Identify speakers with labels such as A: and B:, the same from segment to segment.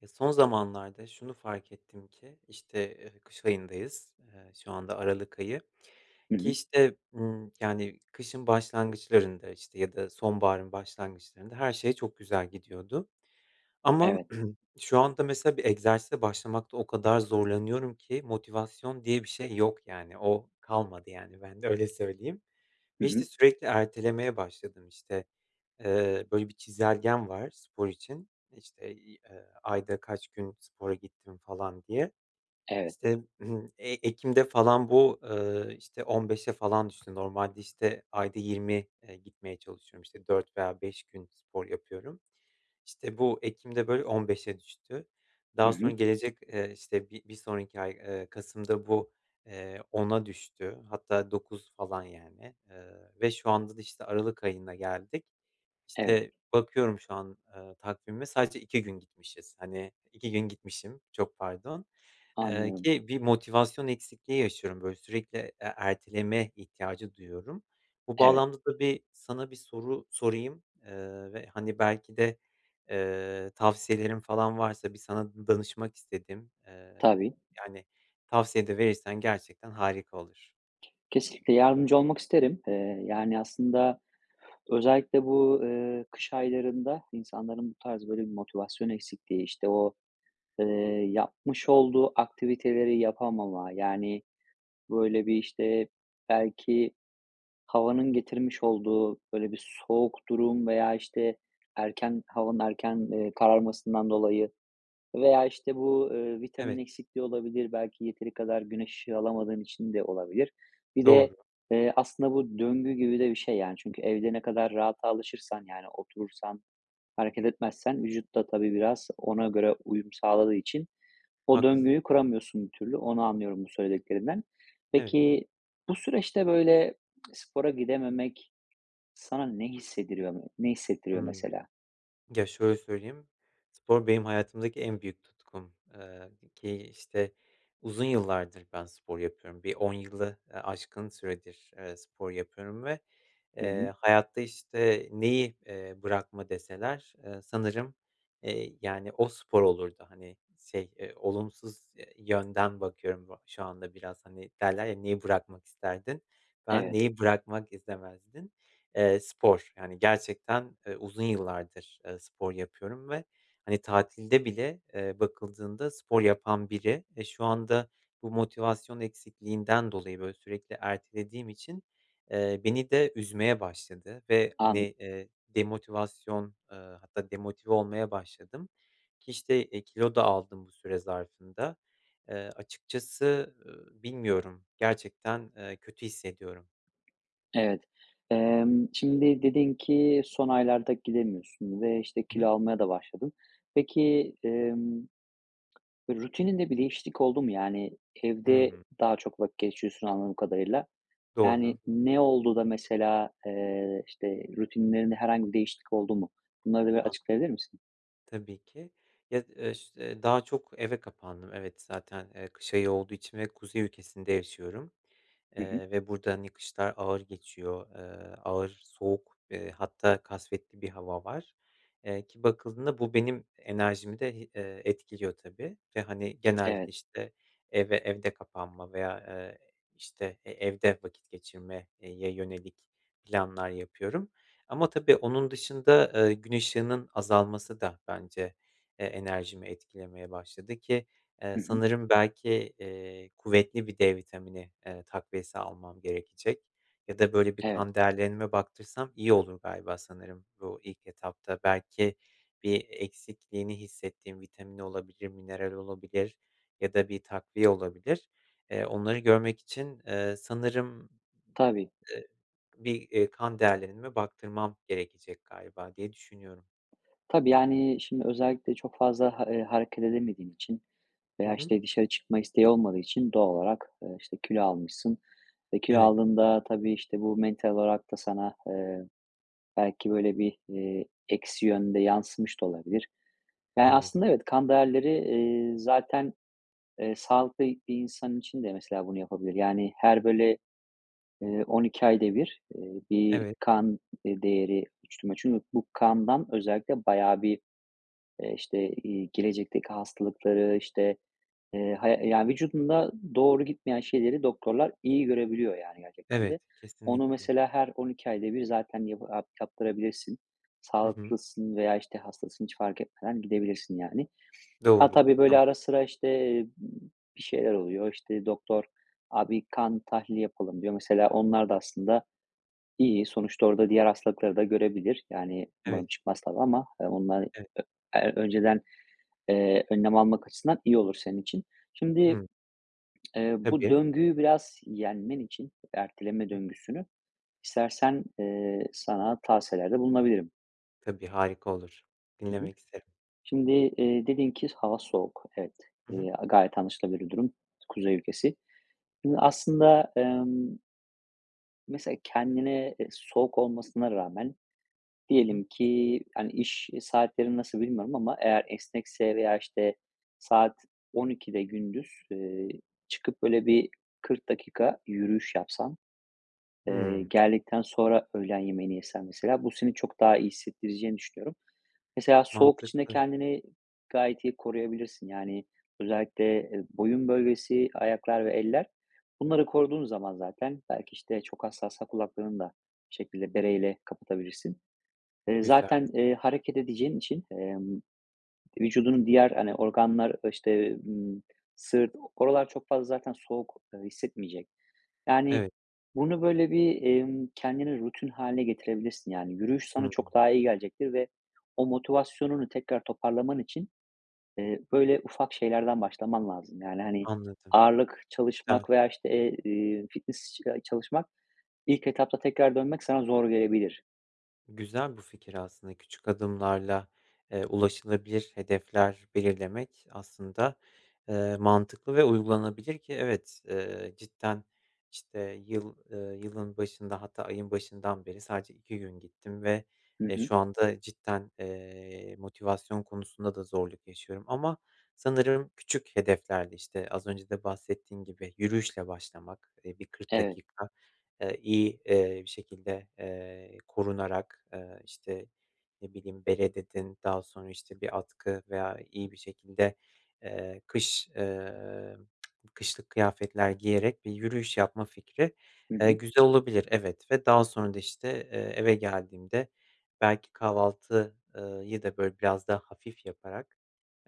A: Ya son zamanlarda şunu fark ettim ki işte, eee, kış ayındayız. Eee, şu anda aralık ayı
B: Hı
A: ki
B: hı.
A: işte, ımm, yani kışın başlangıçlarında, işte, ya da sonbaharın başlangıçlarında her şey çok güzel gidiyordu. Ama
B: Evet.
A: şu anda mesela bir egzersize başlamakta o kadar zorlanıyorum ki motivasyon diye bir şey yok yani. O, kalmadı yani bende, öyle söyleyeyim
B: Hı
A: ve,
B: hı.
A: işte, sürekli ertelemeye başladım, işte. Eee, böyle bir çizelgem var spor için. İşte, iii, eee, ayda kaç gün spora gittim falan diye.
B: Evet.
A: İşte, eee, ekimde falan bu, ııı, işte, 15'e falan düştü normalde, işte, ayda 20, eee, gitmeye çalışıyorum, işte, 4 veya 5 gün spor yapıyorum. İşte, bu ekimde böyle 15'e düştü.
B: Hı
A: Daha sonra
B: hı.
A: gelecek, eee, işte, bir bir sonraki ay, eee, kasımda bu, eee, 10'a düştü, hatta 9 falan yani, eee, ve şu anda da, işte, aralık ayına geldik.
B: Evet.
A: İşte, bakıyorum şu an, eee, takvime sadece 2 gün gitmişiz. Hani, 2 gün gitmişim. Çok pardon, eee,
B: Anlıyorum.
A: ki bir motivasyon eksikliği yaşıyorum böyle sürekli, eee, erteleme ihtiyacı duyuyorum. Bu
B: Evet.
A: bağlamda da bir sana bir soru sorayım, eee, ve hani belki de, eee, tavsiyelerin falan varsa bir sana d danışmak istedim. Eee,
B: Tabii.
A: yani tavsiye de verirsen gerçekten harika olur.
B: Kesinlikle, yardımcı olmak isterim. Eee, yani aslında, özellikle bu, ııı, kış aylarında insanların bu tarz böyle bir motivasyon eksikliği, işte o, eee, yapmış olduğu aktiviteleri yapamama, yani, böyle, bir, işte, belki havanın getirmiş olduğu, böyle, bir soğuk durum veya, işte, erken havanın erken, eee, kararmasından dolayı veya, işte bu, ııı, vitamin
A: Evet.
B: eksikliği olabilir, belki yeteri kadar güneş ışığı alamadığın için de olabilir. Bir de,
A: Doğru.
B: eee, aslında bu döngü gibi de bir şey yani çünkü evde ne kadar rahata alışırsan, yani oturursan, hareket etmezsen vücut da, tabii, biraz ona göre uyum sağladığı için o
A: Haklısın.
B: döngüyü kuramıyorsun bir türlü. Onu anlıyorum bu söylediklerinden.
A: Evet.
B: Peki, bu süreçte böyle spora gidememek sana ne hissediriyo ne hissettiriyor
A: Hımm.
B: mesela?
A: Ya, şöyle söyleyeyim, spor benim hayatımdaki en büyük tutkum, eee, ki işte uzun yıllardır ben spor yapıyorum. Bir 10 yılı, ııı, aşkın süredir, eee, spor yapıyorum ve,
B: Hı hı.
A: eee, hayatta, işte, neyi, eee, bırakma deseler, eee, sanırım, eee, yani o, spor olurdu. Hani şey, eee, olumsuz, eee, yönden bakıyorum bu şu anda biraz. Hani derler ya: Neyi bırakmak isterdin? Ben
B: Evet.
A: neyi bırakmak istemezdin? Eee, spor. Yani gerçekten, eee, uzun yıllardır, eee, spor yapıyorum ve hani tatilde bile, eee, bakıldığında spor yapan biri ve şu anda bu motivasyon eksikliğinden dolayı, böyle, sürekli ertelediğim için, eee, beni de üzmeye başladı ve hani,
B: Anla
A: eee, demotivasyon, eee, hatta demotive olmaya başladım ki işte kilo da aldım bu süre zarfında. Eee, açıkçası, ııı, bilmiyorum, gerçekten, eee, kötü hissediyorum.
B: Evet. Emm, şimdi dedin ki son aylarda gidemiyorsun ve, işte,
A: Hı hı.
B: kilo almaya da başladın. Peki, emm, rutinin de bir değişiklik oldu mu? Yani evde
A: Hımm.
B: daha çok vakit geçiriyorsun anladığım kadarıyla. Yani
A: Doğru.
B: ne oldu da mesela, eee, işte, rutinlerinde herhangi bir değişiklik oldu mu? Bunları da bir
A: An
B: açıklayabilir misin?
A: Tabii ki. Ya, [unintelligible] eee, daha çok eve kapandım. Evet, zaten, eee, kış ayı olduğu için ve kuzey ülkesinde yaşıyorum,
B: Hı hı.
A: eee, ve burada, hani, kışlar ağır geçiyor, eee, ağır soğuk, eee, hatta kasvetli bir hava var. Eee, ki bakıldığında bu benim enerjimi de hi eee, etkiliyor tabii ve, hani, genelde,
B: Evet.
A: işte, eve evde kapanma veya, ııı, işte, e evde vakit geçirme, eee, ye yönelik planlar yapıyorum ama, tabii, onun dışında, ııı, gün ışığının azalması da bence, e, enerjimi etkilemeye başladı ki, eee,
B: Hı hı.
A: sanırım belki, eee, kuvvetli bir D vitamini, ııı, takviyesi almam gerekecek ya da böyle bir
B: Evet.
A: kan değerlerime baktırsam iyi olur galiba, sanırım bu ilk etapta. Belki bir eksikliğini hissettiğim vitamin olabilir, mineral olabilir ya da bir takviye olabilir. Eee, onları görmek için, eee, sanırım,
B: Tabii.
A: eee, bir, eee, kan değerlerime baktırmam gerekecek galiba, diye düşünüyorum.
B: Tabii, yani, şimdi özellikle çok fazla ha eee, hareket edemediğin için
A: Hı
B: veya,
A: hı.
B: işte, dışarı çıkma isteği olmadığı için doğal olarak, ııı, işte, kilo almışsın. E, kilo
A: Evet.
B: aldığında, tabii, işte, bu mental olarak da sana, eee, belki böyle bir, eee, eksi yönde yansımış da olabilir. Ya,
A: Anladım.
B: aslında evet. Kan değerleri, eee, zaten, eee, sağlıklı bir insan için de mesela, bunu yapabilir. Yani, her böyle, ııı, 12 ayda bir, ııı, bir
A: Evet.
B: kan değeri [unintelligible] çünkü bu kandan özellikle bayağı bir, eee, işte, iii, gelecekteki hastalıkları, işte, eee, hay yani, vücudunda doğru gitmeyen şeyleri doktorlar iyi görebiliyor yani gerçekten de.
A: Evet,
B: Onu,
A: kesinlikle.
B: mesela, her 12 ayda bir zaten yabı yap yaptırabilirsin.
A: Hı hı.
B: Sağlıklısın veya, işte, hastasın, hiç fark etmeden gidebilirsin, yani. Ha,
A: Doğru.
B: tabii, böyle ara
A: [unintelligible]
B: sıra, işte, bir şeyler oluyor. İşte, doktor, "Abi kan tahlili yapalım." diyor. Mesela, onlar da aslında iyi, sonuçta orada diğer hastalıkları da görebilir. Yani, umarım
A: Evet.
B: çıkmaz, tabii, ama onlar, ö
A: Evet.
B: eee, önceden, eee, önlem almak açısından iyi olur senin için. Şimdi,
A: Hımm.
B: eee, bu
A: Tabii.
B: döngüyü biraz yenmen için erteleme
A: [unintelligible]
B: döngüsünü, istersen, eee, sana tavsiyelerde bulunabilirim.
A: Tabii, harika olur,
B: Hı hı.
A: dinlemek isterim.
B: Şimdi, eee, dedin ki hava soğuk. Evet,
A: Hı hı.
B: eee, a gayet anlaşılabilir bir durum kuzey ülkesi. Şimdi aslında, emm mesela kendine, eee, soğuk olmasına rağmen
A: Hı hı.
B: diyelim ki, hani, iş saatlerini nasıl bilmiyorum ama eğer esnekse veya, işte, saat 12.00'de gündüz, ııı, çıkıp böyle bir 40 dakika yürüyüş yapsan, eee,
A: Hımm.
B: geldikten sonra öğlen yemeğini yesen mesela, bu seni çok daha iyi hissettireceğini düşünüyorum. Mesela soğuk için de
A: Mantıklı.
B: kendini gayet iyi koruyabilirsin. Yani, özellikle, eee, boyun bölgesi, ayaklar ve eller, bunları koruduğun zaman zaten belki, işte, çok hassassa kulaklarını da bir şekilde bereyle kapatabilirsin. Eee,
A: Güzel.
B: zaten, eee, hareket edeceğin için, emm, vücudunun diğer, hani, organlar, ııı, işte, ımm, sırt, oralar çok fazla zaten soğuk, ııı, hissetmeyecek. Yani,
A: Evet.
B: bunu böyle bir, emm, kendine rutin hâline getirebilirsin. Yani, yürüyüş sana
A: Hıı.
B: çok daha iyi gelecektir ve o motivasyonunu tekrar toparlaman için, eee, böyle ufak şeylerden başlaman lazım. Yani, hani,
A: Anladım,
B: ağırlık
A: güzel.
B: çalışmak veya, işte, eee, iii, fitness [unintelligible] çalışmak, ilk etapta tekrar dönmek sana zor gelebilir.
A: Güzel bu fikir aslında, küçük adımlarla, eee, ulaşılabilir hedefler belirlemek aslında, eee, mantıklı ve uygulanabilir ki evet, eee, cidden, işte, yıl, eee, yılın başında hatta ayın başından beri sadece 2 gün gittim ve
B: Hı
A: e,
B: hı.
A: şu anda cidden, eee, motivasyon konusunda da zorluk yaşıyorum. Ama sanırım küçük hedeflerle, işte, az önce de bahsettiğin gibi, yürüyüşle başlamak, eee, bir 40
B: Evet.
A: dakika, eee, iyi, eee, bir şekilde, eee, korunarak, eee, işte, ne bileyim, bere, dedin. Daha sonra, işte, bir atkı veya iyi bir şekilde, eee, kış, eee, kışlık kıyafetler giyerek bir yürüyüş yapma fikri,
B: Hı
A: eee,
B: hı.
A: güzel olabilir, evet. Ve daha sonra da işte, eee, eve geldiğimde belki kahvaltı, ııı, yı da böyle, biraz daha hafif yaparak,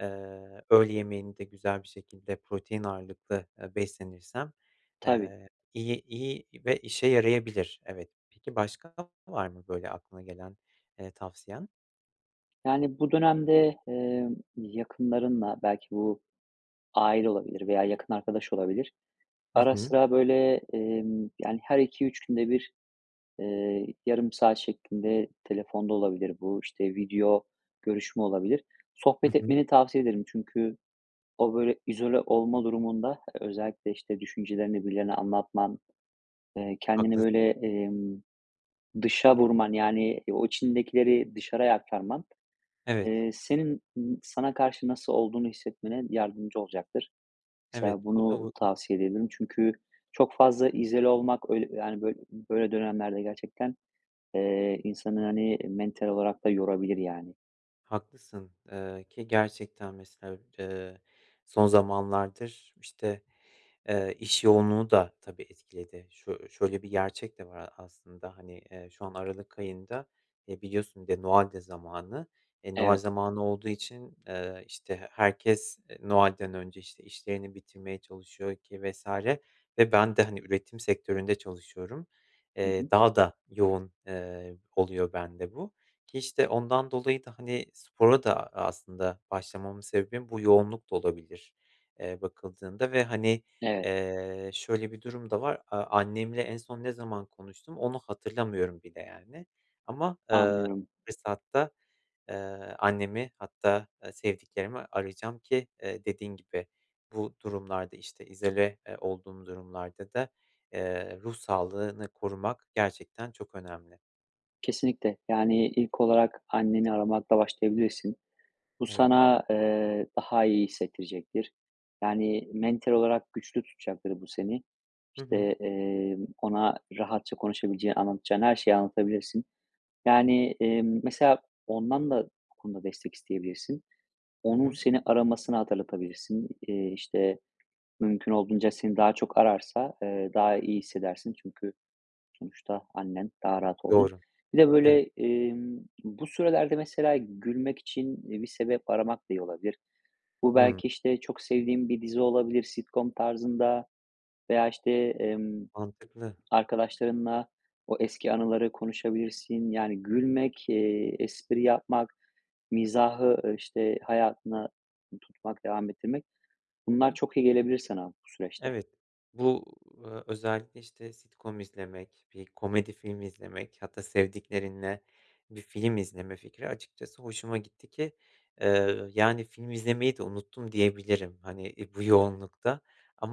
A: ııı, öğle yemeğini de güzel bir şekilde protein ağırlıklı, eee, beslenirsem,
B: Tabii.
A: eee, iyi iyi ve işe yarayabilir. Evet. Peki başka var mı böyle aklına gelen, ııı, tavsiyen?
B: Yani, bu dönemde, emm, yakınlarınla, belki bu aile olabilir veya yakın arkadaş olabilir,
A: Hı
B: ara
A: hı.
B: sıra, böyle, emm, yani, her 2-3 günde bir, eee, yarım saat şeklinde telefonda olabilir; bu, işte, video görüşme olabilir,
A: Hı
B: sohbet
A: hı.
B: etmeni tavsiye ederim. Çünkü o, böyle, izole olma durumunda özellikle, işte, düşüncelerini birilerine anlatman, eee kendini
A: Haklısın.
B: böyle, emm, dışa vurman, yani o içindekileri dışarıya aktarman,
A: Evet.
B: eee, senin n sana karşı nasıl olduğunu hissetmene yardımcı olucaktır.
A: Evet,
B: Mesela
A: bu.
B: bunu
A: [unintelligible]
B: tavsiye edebilirim. Çünkü çok fazla izole olmak, öyle, yani, bö böyle dönemlerde gerçekten, eee, insanı, hani, mental olarak da yorabilir yani.
A: Haklısın. Eee, ki gerçekten, mesela, eee, son zamanlardır, işte, eee, iş yoğunluğu da tabii etkiledi. Şö şöyle bir gerçek de var a aslında hani: Eee, şu an aralık ayında, eee, biliyorsun, bir de Noel de zamanı. E, Noel
B: Evet.
A: zamanı olduğu için, eee, işte, he herkes, eee, Noel'den önce, işte, işlerini bitirmeye çalışıyor ki vs. Ve ben de, hani, üretim sektöründe çalışıyorum.
B: Hı hı.
A: Eee, daha da yoğun, eee, oluyor bende bu. Ki, işte, ondan dolayı da, hani, spora da, aaa, aslında başlamamın sebebim bu yoğunluk da olabilir, eee, bakıldığında. Ve, hani,
B: Evet.
A: eee, şöyle bir durum da var: A annemle en son ne zaman konuştum, onu hatırlamıyorum bile yani ama
B: Anlıyorum.
A: fırsatta, eee, annemi hatta, eee, sevdiklerimi arayacağım ki, eee, dediğin gibi, bu durumlarda, işte, izole, eee, olduğum durumlarda da, eee, ruh sağlığını korumak gerçekten çok önemli.
B: Kesinlikle. Yani, ilk olarak anneni aramakla başlayabilirsin. Bu
A: Evet.
B: sana, eee, daha iyi hissettirecektir. Yani, mental olarak güçlü tutacaktır bu seni.
A: Hı hı.
B: İşte, eee, ona rahatça konuşabileceğin, anlatacağın her şeyi anlatabilirsin. Yani, eee, mesela ondan da bu konuda destek isteyebilirsin.
A: Hı
B: Onun
A: hı.
B: seni aramasını hatırlatabilirsin. Eee, işte, mümkün olduğunca seni daha çok ararsa, eee, daha iyi hissedersin. Çünkü sonuçta annen daha rahat olduğun.
A: Doğru.
B: Bir de,
A: Evet.
B: böyle, emm, bu sürelerde, mesela, gülmek için bir sebep aramak da iyi olabilir. Bu
A: Hı.
B: belki, işte, çok sevdiğin bir dizi olabilir, sitcom tarzında veya, işte, emm,
A: Mantıklı.
B: arkadaşlarınla o eski anıları konuşabilirsin. Yani, gülmek, eee, espri yapmak, mizahı, işte, hayatına tutmak, devam ettirmek;
A: Hı
B: bunlar
A: hı.
B: çok iyi gelebilir sana bu süreçte.
A: Evet. Bu, eee, özellikle, işte, sitcom izlemek, bir komedi filmi izlemek hatta sevdiklerinle bir film izleme fikri açıkçası hoşuma gitti ki, eee, yani, film izlemeyi de unuttum diyebilirim, hani, e, bu yoğunlukta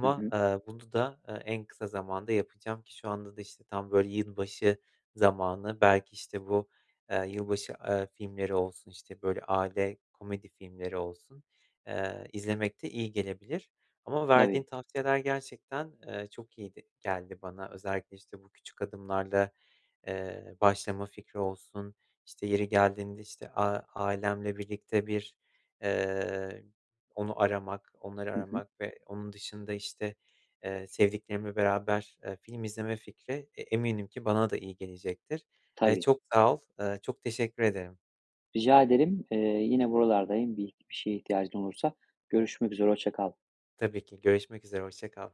B: Hı hı.
A: aaa, bunu da, eee, en kısa zamanda yapacağım ki şu anda da, işte, tam, böyle, yılbaşı zamanı, belki, işte, bu, eee, yılbaşı, eee, filmleri olsun, işte, böyle, aile komedi filmleri olsun, eee, izlemek de iyi gelebilir. Ama verdiğin
B: Tabii.
A: tavsiyeler gerçekten, eee, çok iyiydi geldi bana. Özellikle, işte, bu küçük adımlarla, eee, başlama fikri olsun, işte, yeri geldiğinde, işte, a ailemle birlikte bir, eee, onu aramak, onları
B: Hı hı.
A: aramak ve onun dışında, işte, eee, sevdiklerimle beraber, eee, film izleme fikri e eminim ki bana da iyi gelecektir. Eee,
B: Tabii.
A: çok sağ ol, ııı, çok teşekkür ederim.
B: Rica ederim. Eee, yine buralardayım bir bir şeye ihtiyacın olursa. Görüşmek üzere. Hoşça kal.
A: Tabii ki. Görüşmek üzere, hoşça kal.